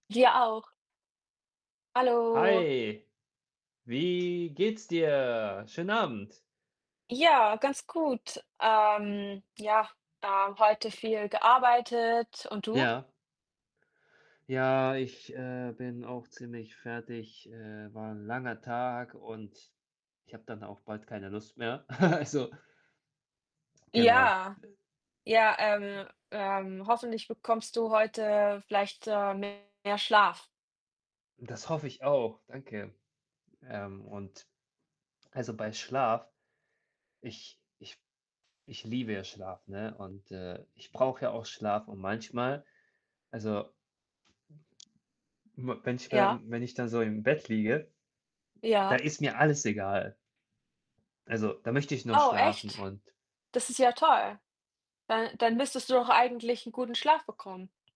Dir auch. Hallo. Hi. Wie geht's dir? Schönen Abend. Ja, ganz gut. Ähm, ja, äh, heute viel gearbeitet und du? Ja. Ja, ich, äh, bin auch ziemlich fertig. Äh, war 'n langer Tag und ich habe dann auch bald keine Lust mehr. Also genau. Ja. Ja, ähm, ähm, hoffentlich bekommst du heute vielleicht, äh, mehr Schlaf. Das hoffe ich auch, danke. Ähm, und also, bei Schlaf ich ich ich liebe ja Schlaf, ne? Und, äh, ich brauche ja auch Schlaf und manchmal, also m wenn ich mir Ja. dann wenn ich dann so im Bett liege, da Ja. ist mir alles egal. Also, da möchte ich noch Oh, schlafen echt? und Das ist ja toll. Dann dann müsstest du doch eigentlich 'n guten Schlaf bekommen.